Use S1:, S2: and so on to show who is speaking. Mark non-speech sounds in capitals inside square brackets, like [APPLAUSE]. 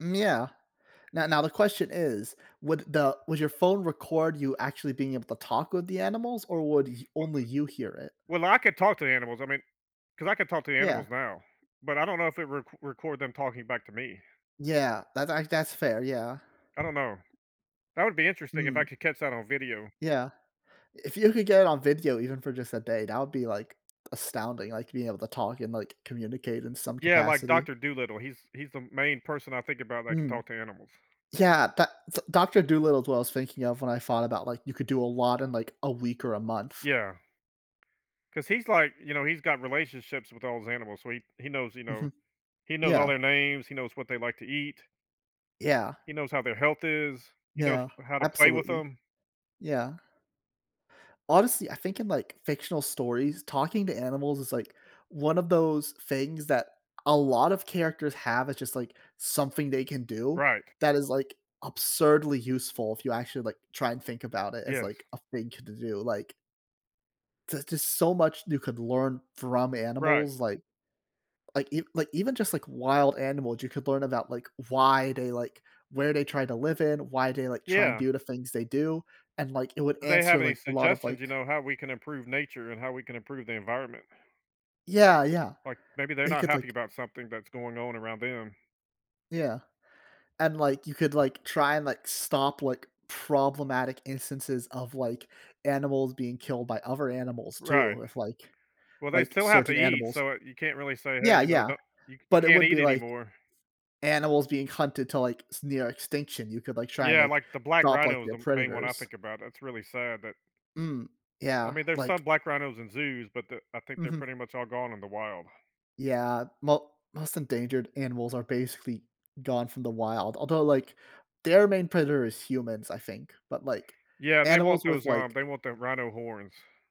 S1: Yeah, now now the question is, would the would your phone record you actually being able to talk with the animals, or would you only you hear
S2: [UNINTELLIGIBLE]
S1: it?
S2: Well, I could talk to the animals, I mean, cause I could talk to the
S1: Yeah.
S2: animals now, but I don't know if it rec record them talking back to me.
S1: Yeah, that's i that's fair, yeah.
S2: I don't know. That would be interesting if I
S1: Mm.
S2: could catch that on video.
S1: Yeah. If you could get it on video, even for, just, a day, that would be, like, astounding, like, being able to talk, and, like, communicate in some
S2: Yeah, like,
S1: capacity.
S2: Doctor Dolittle. He's he's the main person I think about that can
S1: Mm.
S2: talk to animals.
S1: Yeah, tha so, Doctor Dolittle is what I was thinking of when I thought about, like, you could do a lot in, like, a week or a month.
S2: Yeah, 'cause he's like, you know, he's got relationships with all those animals, so he he knows, you know,
S1: Mhm,
S2: he knows all
S1: yeah.
S2: their names, he knows what they like to eat.
S1: Yeah.
S2: He knows how their health is. He knows
S1: Yeah,
S2: how to play with
S1: absolutely,
S2: them.
S1: yeah. Honestly, I think in, like, fictional stories, talking to animals is, like, one of those things that a lot of characters have, it's, just, like, something they can do,
S2: Right.
S1: that is, like, absurdly useful if you actually, like, try, and think about it as,
S2: Yes.
S1: like, a thing to do, like there's, just, so much you could learn from
S2: Right.
S1: animals like like e like even, just, like, wild animals, you could learn about, like, why they like where they try to live in, why they like try and
S2: Yeah.
S1: do the things they do and, like, it would
S2: Do they
S1: answer,
S2: have any
S1: like, a lot of,
S2: suggestions, you
S1: like
S2: know, how we can improve nature, and how we can improve the environment?
S1: Yeah, yeah.
S2: Like, maybe they're
S1: They
S2: not
S1: could
S2: happy
S1: like
S2: about something that's going on around them.
S1: Yeah, and, like, you could, like, try, and, like, stop, like, problematic instances of, like, animals being killed by other animals
S2: Right,
S1: too, if, like
S2: well, they
S1: like,
S2: still have to
S1: certain
S2: eat,
S1: animals.
S2: so you can't really say, "Hey,
S1: Yeah,
S2: you know,
S1: yeah,
S2: don't you you
S1: but it
S2: can't
S1: would
S2: eat
S1: be like
S2: anymore."
S1: animals being hunted to, like, s near extinction, you could, like, try and,
S2: Yeah,
S1: like,
S2: like, the black
S1: drop, like,
S2: rhino is
S1: their
S2: the main one I
S1: predators.
S2: think about. That's really sad that
S1: Mm,
S2: I
S1: yeah,
S2: mean, there's
S1: like
S2: some black rhinos in zoos, but the I think they're
S1: Mhm.
S2: pretty much all gone in the wild.
S1: Yeah, mo most endangered animals are basically gone from the wild, although, like, their main predator is humans, I think, but, like,
S2: Yeah, they want
S1: animals with,
S2: those, um,
S1: like
S2: they want the rhino horns.